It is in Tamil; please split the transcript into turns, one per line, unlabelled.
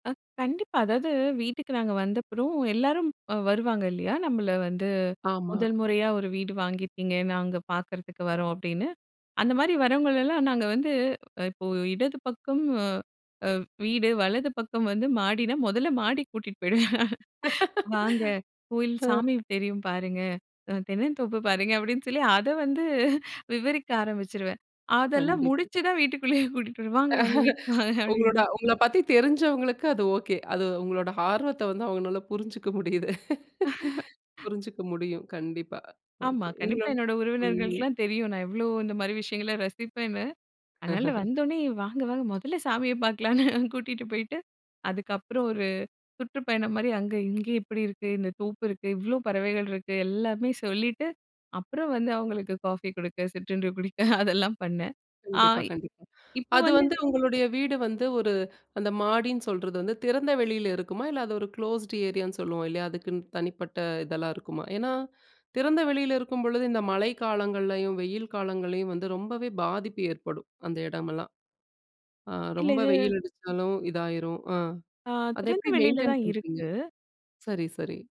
அ, கண்டிப்பா. அதாவது வீட்டுக்கு நாங்க வந்தப்புறம் எல்லாரும் வருவாங்க இல்லையா! நம்மள வந்து
ஆமா.
"முதல் முறையா ஒரு வீடு வாங்கியிருக்கீங்க, நாங்க பார்க்குறதுக்கு வரோம்," அப்படின்னு. அந்த மாதிரி வர்றவங்களெல்லாம், நாங்க வந்து இப்போ இடது பக்கம், அ அ வீடு வலது பக்கம் வந்து மாடின்னா மொதல்ல மாடிக்கு கூட்டிட்டு போயிடுவேன். "வாங்க கோயில்
ம்.
சாமி தெரியும் பாருங்க. அ தென்னந்தோப்பு பாருங்க" அப்படின்னு சொல்லி அத வந்து விவரிக்க ஆரம்பிச்சுருவேன். அதெல்லாம்
கண்டிப்பு.
முடிச்சு தான் வீட்டுக்குள்ளயே கூட்டிக்கிட்டு வருவேன். "வாங்க வாங்க வீட்டுக்கு வாங்க" அப்படின்னு.
உங்களோட உங்கள பத்தி தெரிஞ்சவங்களுக்கு அது ஓகே. அது உங்களோட ஆர்வத்தை வந்து அவங்கனால புரிஞ்சுக்க முடியுது. புரிஞ்சுக்க முடியும், கண்டிப்பா.
ஆமா,
ஓகே.
கண்டிப்பா
உங்களோட
என்னோட
ம்ஹ்ம்.
உறவினர்களுக்கெல்லாம் தெரியும். நான் எவ்ளோ இந்த மாரி விஷயங்களை ரசிப்பேன்னு. அதனால
அஹஹ.
வந்தவுடனே வாங்க வாங்க மொதல்ல சாமிய பார்க்கலான்னு, கூட்டிகிட்டு போயிட்டு. அதுக்கப்புறம் ஒரு சுற்றுப்பயணம் மாரி அங்க இங்க இப்படி இருக்கு இந்த தோப்பு இருக்கு, இவ்வளோ பறவைகள் இருக்கு, எல்லாமே சொல்லிட்டு அப்புறம் வந்து அவங்களுக்கு காஃபி கொடுக்க, சிற்றண்டு குடிக்க அதெல்லாம் பண்ணேன். ஆ,
கண்டிப்பா கண்டிப்பா.
இப்போ
அது
வந்து
வந்து உங்களுடைய வீடு வந்து, ஒரு அந்த மாடின்னு சொல்றது வந்து, திறந்த வெளில இருக்குமா, இல்ல அது ஒரு க்ளோஸ்ட் ஏரியான்னு சொல்லுவோம், இல்லையா அதுக்குன்னு தனிப்பட்ட இதெல்லா இருக்குமா? ஏன்னா, திறந்த வெளில இருக்கும்பொழுது இந்த மழை காலங்கள்லேயும், வெயில் காலங்கள்லேயும் வந்து ரொம்பவே பாதிப்பு ஏற்படும். அந்த இடமெல்லாம், ஆ
இல்ல
ரொம்ப
இது
வெயில் அடிச்சாலும் இதாயிரும். அ.
ஆ,
அத எப்படி
திறந்தவெளில
மெயின்டெய்ன்
தான்
பண்ணுறீங்க.
இருக்கு.
சரி சரி.